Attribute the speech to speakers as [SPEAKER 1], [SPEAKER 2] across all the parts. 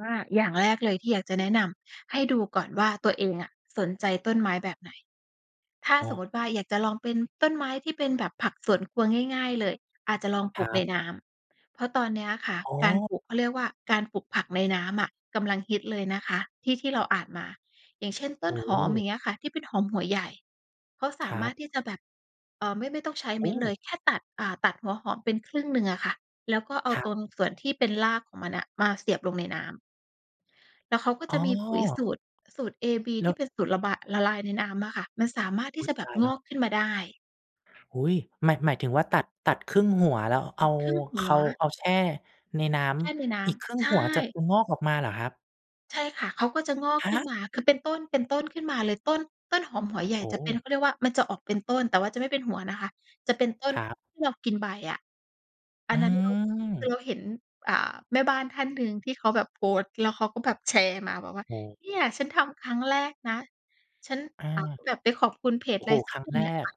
[SPEAKER 1] ว่า อย่างแรกเลยที่อยากจะแนะนำ ให้ดูก่อนว่า ตัวเองอะสนใจต้นไม้แบบไหน? ถ้า
[SPEAKER 2] อ๋
[SPEAKER 1] ส
[SPEAKER 2] อ
[SPEAKER 1] มมุติว่า อยากจะลองเป็นต้นไม้ที่เป็นแบบผักสวนครัวง่าย ๆ เลย อาจจะลองป
[SPEAKER 2] ค
[SPEAKER 1] ลู
[SPEAKER 2] รั
[SPEAKER 1] กใน
[SPEAKER 2] บ
[SPEAKER 1] น้ำ เพราะตอนเนี้ยค่ะ
[SPEAKER 2] อ๋
[SPEAKER 1] การ
[SPEAKER 2] อ
[SPEAKER 1] ปลูก เขาเรียกว่า การปลูกผักในน้ำอะกำลังฮิตเลยนะคะ ที่ ที่เราอ่านมา อย่างเช่น ต
[SPEAKER 2] โอ
[SPEAKER 1] ้น
[SPEAKER 2] ้
[SPEAKER 1] หอม อย่างเงี้ยค่ะ ที่เป็นหอมหัวใหญ่ เขาส
[SPEAKER 2] ค
[SPEAKER 1] า
[SPEAKER 2] ร
[SPEAKER 1] ม
[SPEAKER 2] ั
[SPEAKER 1] าร
[SPEAKER 2] บ
[SPEAKER 1] ถที่จะแบบ เออ ไม่ ไม่ต้องใช้
[SPEAKER 2] โ
[SPEAKER 1] เ
[SPEAKER 2] อ
[SPEAKER 1] ม็
[SPEAKER 2] ้
[SPEAKER 1] ดเลย แค่ตัด อ่า ตัดหัวหอมเป็นครึ่งหนึ่งอะค่ะ แล้วก็เอา
[SPEAKER 2] ครั
[SPEAKER 1] ต
[SPEAKER 2] บ
[SPEAKER 1] รงส่วนที่เป็นรากของมันน่ะมาเสียบลงในน้ำ แล้วเขาก็
[SPEAKER 2] อ
[SPEAKER 1] จ
[SPEAKER 2] ๋
[SPEAKER 1] ะมีปุ๋ยส
[SPEAKER 2] อ
[SPEAKER 1] ูตร สูตร AB
[SPEAKER 2] แล
[SPEAKER 1] ท
[SPEAKER 2] ้
[SPEAKER 1] ี่
[SPEAKER 2] ว
[SPEAKER 1] เป็นสูตรละบา ละลายในน้ำอะค่ะ มันสามารถท
[SPEAKER 2] อ
[SPEAKER 1] ี่
[SPEAKER 2] ุ๊
[SPEAKER 1] จ
[SPEAKER 2] ย
[SPEAKER 1] ะแบ
[SPEAKER 2] ต
[SPEAKER 1] บ
[SPEAKER 2] าย
[SPEAKER 1] ง
[SPEAKER 2] แล้
[SPEAKER 1] อ
[SPEAKER 2] ว
[SPEAKER 1] กขึ้นมาได้
[SPEAKER 2] อุ๊ย หมาย หมายถึงว่า ตัด ตัดครึ่งหัว แล้วเอา
[SPEAKER 1] ครึ่งหั
[SPEAKER 2] เข
[SPEAKER 1] ว
[SPEAKER 2] าเอาแช่ในน้
[SPEAKER 1] แช่ในน้
[SPEAKER 2] ำ อีกครึ่
[SPEAKER 1] ำ
[SPEAKER 2] ง
[SPEAKER 1] ใช
[SPEAKER 2] หัวจะ
[SPEAKER 1] ่
[SPEAKER 2] อือ งอกออกมาเหรอครับ?
[SPEAKER 1] ใช่ค่ะ เขาก็จะงอก
[SPEAKER 2] ฮ
[SPEAKER 1] ขึ้น
[SPEAKER 2] ะ?
[SPEAKER 1] มา คือ เป็นต้น ๆ ขึ้นมาเลย ต้น ต้นหอมหัวใหญ่
[SPEAKER 2] โอ้
[SPEAKER 1] จะเป็น เขาเรียกว่า มันจะออกเป็นต้น แต่ว่าจะไม่เป็นหัวนะคะ จะเป็นต้น
[SPEAKER 2] ครับ
[SPEAKER 1] ที่เรากินใบอะ อั
[SPEAKER 2] อื
[SPEAKER 1] นนั้นเรา คือเ
[SPEAKER 2] ม
[SPEAKER 1] ราเห็น อ่า แม่บ้านท่านหนึ่งที่เขาแบบโพสต์ แล้วเขาก็แบบแชร์มา บอกว่า
[SPEAKER 2] โอ้
[SPEAKER 1] "เนี่ย ฉันทำครั้งแรกนะ ฉัน"
[SPEAKER 2] อ
[SPEAKER 1] อ้าว
[SPEAKER 2] า
[SPEAKER 1] แบบไปขอบคุณเพจ
[SPEAKER 2] โอ้
[SPEAKER 1] อะ
[SPEAKER 2] โ
[SPEAKER 1] ไร
[SPEAKER 2] ฮ
[SPEAKER 1] สั
[SPEAKER 2] ค
[SPEAKER 1] ก
[SPEAKER 2] รั้
[SPEAKER 1] อ
[SPEAKER 2] ง
[SPEAKER 1] ย่าง
[SPEAKER 2] แร
[SPEAKER 1] เนี่ยค
[SPEAKER 2] ก
[SPEAKER 1] ่ะ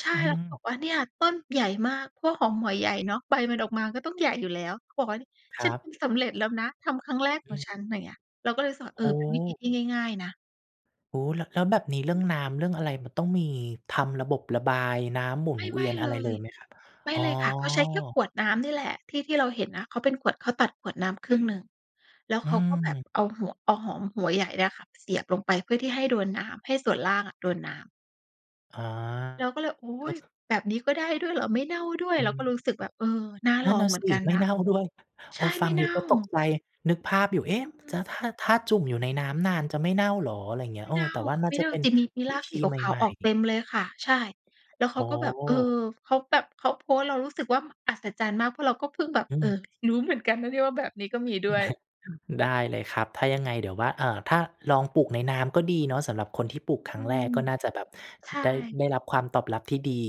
[SPEAKER 1] ใช่
[SPEAKER 2] อื
[SPEAKER 1] เแล้วก็บอ
[SPEAKER 2] ม
[SPEAKER 1] กว่า "เนี่ย ต้นใหญ่มาก" พวกหอมหัวใหญ่เนาะ ใบมันออกมาก็ต้องใหญ่อยู่แล้ว เขาบอกว่า "เนี่ย
[SPEAKER 2] ค
[SPEAKER 1] ฉั
[SPEAKER 2] ร
[SPEAKER 1] น
[SPEAKER 2] ั
[SPEAKER 1] ปล
[SPEAKER 2] บ
[SPEAKER 1] ูกเร็จแล้วนะ ทำครั้งแรก
[SPEAKER 2] อ
[SPEAKER 1] ของ
[SPEAKER 2] ื
[SPEAKER 1] ฉ
[SPEAKER 2] ม
[SPEAKER 1] ัน" ไรเงี้ย เราก็เลยรู้สึกว่า เอ
[SPEAKER 2] โ
[SPEAKER 1] อ เป็นวิธี
[SPEAKER 2] อ้
[SPEAKER 1] ที่ง่าย ๆ นะ
[SPEAKER 2] โอ้ แล้ว แล้วแบบนี้เรื่องน้ำเรื่องอะไร มันต้องมีทำระบบระบายน้ำหมุ
[SPEAKER 1] ไม
[SPEAKER 2] น
[SPEAKER 1] ่
[SPEAKER 2] เ
[SPEAKER 1] ไ
[SPEAKER 2] ว
[SPEAKER 1] ม
[SPEAKER 2] ี
[SPEAKER 1] ่
[SPEAKER 2] ยน
[SPEAKER 1] เ
[SPEAKER 2] อ
[SPEAKER 1] ล
[SPEAKER 2] ะไรเล
[SPEAKER 1] ย
[SPEAKER 2] ยไหมครับ?
[SPEAKER 1] ไม่
[SPEAKER 2] อ๋อ
[SPEAKER 1] เลยค่ะ เขาใช้แค่ขวดน้ำนี่แหละ ที่ ที่เราเห็นนะ เขาเป็นขวด เขาตัดขวดน้ำครึ่งหนึ่ง แล้ว
[SPEAKER 2] อ
[SPEAKER 1] เ
[SPEAKER 2] ื
[SPEAKER 1] ขาก็แบบ
[SPEAKER 2] ม
[SPEAKER 1] เอาหัว เอาหอมหัวใหญ่เนี่ยค่ะไปเสียบลงไป เพื่อที่ให้โดนน้ำ ให้ส่วนล่างอะโดนน้ำ
[SPEAKER 2] อ๋อ
[SPEAKER 1] เราก็เลย โอ๊
[SPEAKER 2] ก็
[SPEAKER 1] ย
[SPEAKER 2] คือ
[SPEAKER 1] แบบนี้ก็ได้ด้วยเหรอ? ไม่เน่าด้วย?
[SPEAKER 2] อื
[SPEAKER 1] เรา
[SPEAKER 2] ม
[SPEAKER 1] ก็รู้สึกแบบ เออ น่า
[SPEAKER 2] นั
[SPEAKER 1] ล
[SPEAKER 2] ่น
[SPEAKER 1] อ
[SPEAKER 2] น
[SPEAKER 1] ง
[SPEAKER 2] ่ะ
[SPEAKER 1] เหมื
[SPEAKER 2] ส
[SPEAKER 1] อน
[SPEAKER 2] ิ
[SPEAKER 1] กัน
[SPEAKER 2] ไม่
[SPEAKER 1] นะ
[SPEAKER 2] เน่าด้วย เ
[SPEAKER 1] ใ
[SPEAKER 2] อ
[SPEAKER 1] ช
[SPEAKER 2] อ
[SPEAKER 1] ่
[SPEAKER 2] ฟ
[SPEAKER 1] ไ
[SPEAKER 2] ั
[SPEAKER 1] ม่
[SPEAKER 2] ง
[SPEAKER 1] เ
[SPEAKER 2] อ
[SPEAKER 1] น
[SPEAKER 2] ยู
[SPEAKER 1] ่
[SPEAKER 2] ่ก็ตก
[SPEAKER 1] า
[SPEAKER 2] ใจ นึกภาพอยู่ เอ๊ะ
[SPEAKER 1] อื
[SPEAKER 2] จ
[SPEAKER 1] ม
[SPEAKER 2] ะ ถ้า ถ้าจุ่มอยู่ในน้ำนานจะไม่เน่าเหรอ? ไรเงี้
[SPEAKER 1] ไ
[SPEAKER 2] ย
[SPEAKER 1] ม
[SPEAKER 2] เ
[SPEAKER 1] ่
[SPEAKER 2] ออ
[SPEAKER 1] เน่า
[SPEAKER 2] แต่ว่าน่
[SPEAKER 1] ไ
[SPEAKER 2] า
[SPEAKER 1] ม่
[SPEAKER 2] จะ
[SPEAKER 1] เน่า
[SPEAKER 2] เป็น
[SPEAKER 1] จะมี มี
[SPEAKER 2] ว
[SPEAKER 1] ร
[SPEAKER 2] ิ
[SPEAKER 1] าก
[SPEAKER 2] ธ
[SPEAKER 1] ส
[SPEAKER 2] ี
[SPEAKER 1] ี
[SPEAKER 2] ให
[SPEAKER 1] ขาว
[SPEAKER 2] ม
[SPEAKER 1] ๆ
[SPEAKER 2] ่
[SPEAKER 1] ออกเต
[SPEAKER 2] ๆ
[SPEAKER 1] ็มเลยค่ะ ใช่ แล้วเ
[SPEAKER 2] โ
[SPEAKER 1] ข
[SPEAKER 2] อ
[SPEAKER 1] าก็แบบ เอ
[SPEAKER 2] ้
[SPEAKER 1] อ เขาแบบเขาโพสต์ เรารู้สึกว่า มันอัศจรรย์มาก เพราะเราก็เพิ่งแบบ
[SPEAKER 2] อื
[SPEAKER 1] เอ
[SPEAKER 2] ม
[SPEAKER 1] อ รู้เหมือนกันนะเนี่ยว่า แบบนี้ก็มีด้วย
[SPEAKER 2] ได้เลยครับ ถ้ายังไงเดี๋ยวว่า เออ ถ้าลองปลูกในน้ำก็ดีเนาะ สำหรับคนที่ปลู
[SPEAKER 1] อ
[SPEAKER 2] กครั
[SPEAKER 1] ื
[SPEAKER 2] ้งแร
[SPEAKER 1] ม
[SPEAKER 2] ก ก็น่าจะแบบ
[SPEAKER 1] ใช่
[SPEAKER 2] ได้ ได้รับความตอบรับที่ดี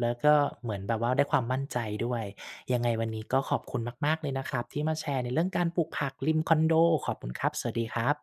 [SPEAKER 2] แล้วก็เหมือนแบบว่าได้ความมั่นใจด้วย ยังไงวันนี้ก็ขอบคุณมาก ๆ เลยนะครับที่มาแชร์ในเรื่องการปลูกผักริมคอนโด ขอบคุณครับ สวัสดีครับ